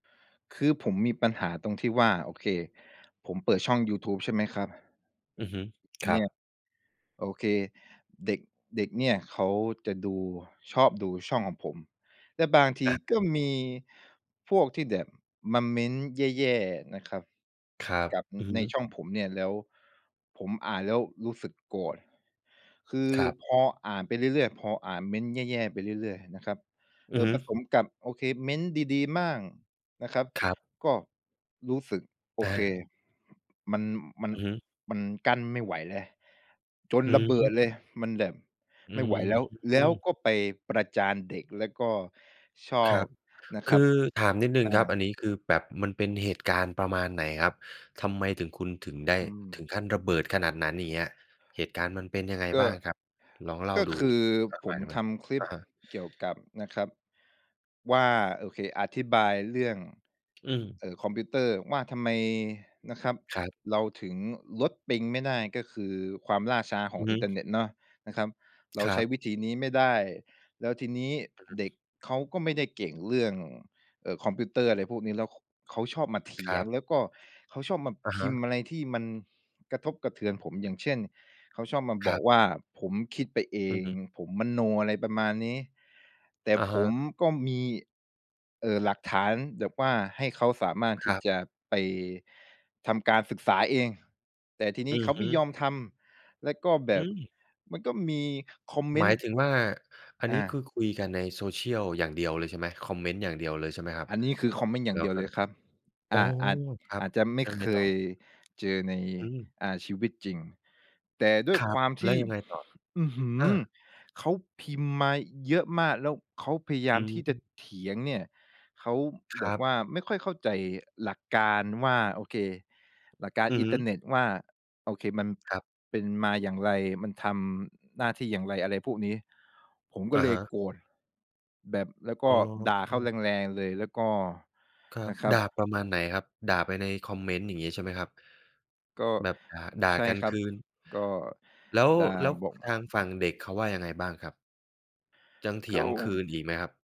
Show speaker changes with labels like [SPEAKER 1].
[SPEAKER 1] คือผมมีปัญหาตรงที่ว่า โอเค ผมเปิดช่องยูทูบ ใช่ไหมครับ
[SPEAKER 2] อือฮึ คร
[SPEAKER 1] เน
[SPEAKER 2] ั
[SPEAKER 1] ี
[SPEAKER 2] บ
[SPEAKER 1] ่ย โอเค เด็ก เด็กเนี่ยเขาจะดู ชอบดูช่องของผม และบางที
[SPEAKER 2] อะ
[SPEAKER 1] ก
[SPEAKER 2] ฮะ
[SPEAKER 1] ็มีพวกที่แบบมาเมนต์แย่ ๆ นะครับ
[SPEAKER 2] ครับ
[SPEAKER 1] กับ อ
[SPEAKER 2] อือฮ
[SPEAKER 1] ใน
[SPEAKER 2] ึ
[SPEAKER 1] ช่องผมเนี่ย แล้วผมอ่านแล้วรู้สึกโกรธ คือ
[SPEAKER 2] ครับ
[SPEAKER 1] พออ่านไปเรื่อย ๆ พออ่านเมนต์แย่ ๆ ไปเรื่อย ๆ นะครับ
[SPEAKER 2] อ
[SPEAKER 1] เอ
[SPEAKER 2] ือ
[SPEAKER 1] อ
[SPEAKER 2] ฮึ
[SPEAKER 1] ผสมกับ โอเค เมนต์ดี ๆ บ้างนะครับ
[SPEAKER 2] ครับ
[SPEAKER 1] ก็รู้สึก โอ
[SPEAKER 2] อ
[SPEAKER 1] เค
[SPEAKER 2] า
[SPEAKER 1] มัน มัน
[SPEAKER 2] อือฮึ
[SPEAKER 1] มันกั้นไม่ไหวแล้ว จน
[SPEAKER 2] อื้
[SPEAKER 1] ระ
[SPEAKER 2] อ
[SPEAKER 1] เบ
[SPEAKER 2] ฮ
[SPEAKER 1] ิดเล
[SPEAKER 2] ือ
[SPEAKER 1] ย มันแบบ
[SPEAKER 2] อื
[SPEAKER 1] ไม่
[SPEAKER 2] อ
[SPEAKER 1] ไหวแล้ว
[SPEAKER 2] ฮ
[SPEAKER 1] แล้ว
[SPEAKER 2] ึ
[SPEAKER 1] ก็ไปประจานเด็ก แล้วก็ชอ
[SPEAKER 2] คร
[SPEAKER 1] บ
[SPEAKER 2] ับ
[SPEAKER 1] นะค
[SPEAKER 2] ค
[SPEAKER 1] รั
[SPEAKER 2] ื
[SPEAKER 1] บ
[SPEAKER 2] อถามนิดหนึ่ง
[SPEAKER 1] อา
[SPEAKER 2] ครับ อันนี้คือแบบมันเป็นเหตุการณ์ประมาณไหนครับ ทำไมถึง คุณถึงได้
[SPEAKER 1] อื
[SPEAKER 2] ถึ
[SPEAKER 1] ม
[SPEAKER 2] งขั้นระเบิดขนาดนั้น อย่างเงี้ย เหตุการณ์มันเป็นยังไง
[SPEAKER 1] ก็
[SPEAKER 2] บ้างครับ ลองเล่า
[SPEAKER 1] ก็
[SPEAKER 2] ดู
[SPEAKER 1] คือ
[SPEAKER 2] สักห
[SPEAKER 1] ผ
[SPEAKER 2] น่
[SPEAKER 1] ม
[SPEAKER 2] อยได้ไหม
[SPEAKER 1] ท
[SPEAKER 2] ครับ?
[SPEAKER 1] ำคลิ
[SPEAKER 2] อ
[SPEAKER 1] ป
[SPEAKER 2] ะฮะ
[SPEAKER 1] เกี่ยวกับนะครับว่า โอเค อธิบายเรื่อง
[SPEAKER 2] อือ
[SPEAKER 1] เอ่อ คอมพิวเตอร์ว่า ทำไมนะครับ
[SPEAKER 2] ครับ
[SPEAKER 1] เราถึงลดปิงไม่ได้ ก็คือความล่าช้าข
[SPEAKER 2] อ
[SPEAKER 1] อ
[SPEAKER 2] ื
[SPEAKER 1] ง
[SPEAKER 2] อฮ
[SPEAKER 1] อินเทอร
[SPEAKER 2] ึ
[SPEAKER 1] ์เน็ตเนาะนะครับ เรา
[SPEAKER 2] คร
[SPEAKER 1] ใช
[SPEAKER 2] ั
[SPEAKER 1] ้
[SPEAKER 2] บ
[SPEAKER 1] วิธีนี้ไม่ได้ แล้วทีนี้
[SPEAKER 2] อือฮ
[SPEAKER 1] เด็
[SPEAKER 2] ึ
[SPEAKER 1] กเขาก็ไม่ได้เก่งเรื่อง เอ่อ คอมพิวเตอร์ อะไรพวกนี้ แล้ว ข เขาชอบมาเถ
[SPEAKER 2] ค
[SPEAKER 1] ี
[SPEAKER 2] ร
[SPEAKER 1] ย
[SPEAKER 2] ั
[SPEAKER 1] ง
[SPEAKER 2] บ
[SPEAKER 1] แล้วก็เขาชอบมา
[SPEAKER 2] อะ
[SPEAKER 1] พ
[SPEAKER 2] ฮ
[SPEAKER 1] ิ
[SPEAKER 2] ะ
[SPEAKER 1] มพ์อะไรที่มันกระทบกระเทือนผม อย่างเช่น เขาชอบมาบ
[SPEAKER 2] คร
[SPEAKER 1] อ
[SPEAKER 2] ั
[SPEAKER 1] ก
[SPEAKER 2] บ
[SPEAKER 1] ว่าผมคิดไปเอ
[SPEAKER 2] อือ
[SPEAKER 1] ง
[SPEAKER 2] ฮึ
[SPEAKER 1] ผมมโน อะไรประมาณนี้ แต่
[SPEAKER 2] อะ
[SPEAKER 1] ผ
[SPEAKER 2] ฮ
[SPEAKER 1] ม
[SPEAKER 2] ะ
[SPEAKER 1] ก็มี เอ่อ หลักฐานแบบว่าให้เขาสามารถ
[SPEAKER 2] ค
[SPEAKER 1] ที
[SPEAKER 2] ร
[SPEAKER 1] ่
[SPEAKER 2] ับ
[SPEAKER 1] จะไปทำการศึกษาเอง แต่ทีนี
[SPEAKER 2] อ
[SPEAKER 1] ้
[SPEAKER 2] ื
[SPEAKER 1] เข
[SPEAKER 2] อ
[SPEAKER 1] าไ
[SPEAKER 2] ฮ
[SPEAKER 1] ม
[SPEAKER 2] ึ
[SPEAKER 1] ่ยอมทำ และก็แบ
[SPEAKER 2] อื
[SPEAKER 1] บ
[SPEAKER 2] อ
[SPEAKER 1] มันก็มีคอมเม
[SPEAKER 2] หม
[SPEAKER 1] น
[SPEAKER 2] า
[SPEAKER 1] ต
[SPEAKER 2] ย
[SPEAKER 1] ์
[SPEAKER 2] ถึงว่า อัน
[SPEAKER 1] อ
[SPEAKER 2] นี้ค
[SPEAKER 1] า
[SPEAKER 2] ือคุยกันใน Social อย่างเดียวเลยใช่ไหม คอมเมนต์อย่างเดียวเลย ใช่ไหมครับ?
[SPEAKER 1] อันนี้ คือคอมเมนต์อย่
[SPEAKER 2] แล
[SPEAKER 1] า
[SPEAKER 2] ้
[SPEAKER 1] งเด
[SPEAKER 2] ว
[SPEAKER 1] ียว
[SPEAKER 2] ก็
[SPEAKER 1] เลยครับ
[SPEAKER 2] อ
[SPEAKER 1] อ
[SPEAKER 2] ๋อ
[SPEAKER 1] ่า อาจ
[SPEAKER 2] ครั
[SPEAKER 1] อ
[SPEAKER 2] บ
[SPEAKER 1] าจจะไม
[SPEAKER 2] แ
[SPEAKER 1] ่
[SPEAKER 2] ล้วยัง
[SPEAKER 1] เ
[SPEAKER 2] ไ
[SPEAKER 1] ค
[SPEAKER 2] งต่อ?
[SPEAKER 1] ย เจอใน
[SPEAKER 2] อืม
[SPEAKER 1] อ่า ชีวิตจริง แต่ด้ว
[SPEAKER 2] ค
[SPEAKER 1] ย
[SPEAKER 2] ร
[SPEAKER 1] ค
[SPEAKER 2] ับ
[SPEAKER 1] วามท
[SPEAKER 2] แล้
[SPEAKER 1] ี
[SPEAKER 2] ว
[SPEAKER 1] ่
[SPEAKER 2] ยังไงต่อ?
[SPEAKER 1] อือฮื้
[SPEAKER 2] อ
[SPEAKER 1] อ
[SPEAKER 2] า
[SPEAKER 1] เขาพิมพ์มาเยอะมาก แล้วเขาพยาย
[SPEAKER 2] อ
[SPEAKER 1] า
[SPEAKER 2] ื
[SPEAKER 1] มที่จะ
[SPEAKER 2] ม
[SPEAKER 1] เถียงเนี่ย เขา
[SPEAKER 2] ค
[SPEAKER 1] แบ
[SPEAKER 2] ร
[SPEAKER 1] บ
[SPEAKER 2] ับ
[SPEAKER 1] ว่าไม่ค่อยเข้าใจหลักการว่า โอเค หลักการ
[SPEAKER 2] อือ
[SPEAKER 1] อิ
[SPEAKER 2] ฮ
[SPEAKER 1] นเทอ
[SPEAKER 2] ึ
[SPEAKER 1] ร์เน็ตว่า โอเค มัน
[SPEAKER 2] ครับ
[SPEAKER 1] เป็นมาอย่างไร มันทำหน้าที่อย่างไร อะไรพวกนี้ ผมก
[SPEAKER 2] อ
[SPEAKER 1] ็
[SPEAKER 2] ะ
[SPEAKER 1] เล
[SPEAKER 2] ฮ
[SPEAKER 1] ย
[SPEAKER 2] ะ
[SPEAKER 1] โกรธ แบบ แล้วก
[SPEAKER 2] อ๋
[SPEAKER 1] ็
[SPEAKER 2] อ
[SPEAKER 1] ด่าเขาแรง ๆ เลย แล้วก็
[SPEAKER 2] ครั
[SPEAKER 1] น
[SPEAKER 2] บ
[SPEAKER 1] ะครั
[SPEAKER 2] ด
[SPEAKER 1] บ
[SPEAKER 2] ่าประมาณไหนครับ ด่าไปในคอมเมนต์ อย่างงี้ใช่ไหมครับ?
[SPEAKER 1] ก็
[SPEAKER 2] แบบ ด่า ด่า
[SPEAKER 1] ใช่
[SPEAKER 2] กัน
[SPEAKER 1] ครั
[SPEAKER 2] ค
[SPEAKER 1] บ
[SPEAKER 2] ืน
[SPEAKER 1] ก็
[SPEAKER 2] แล้ว
[SPEAKER 1] ด่า
[SPEAKER 2] แล้ว
[SPEAKER 1] บอก
[SPEAKER 2] ทางฝั่งเด็กเขาว่ายังไงบ้างครับ? ยังเถ
[SPEAKER 1] ก
[SPEAKER 2] ีย
[SPEAKER 1] ็
[SPEAKER 2] งคืนอีกไหมครับ?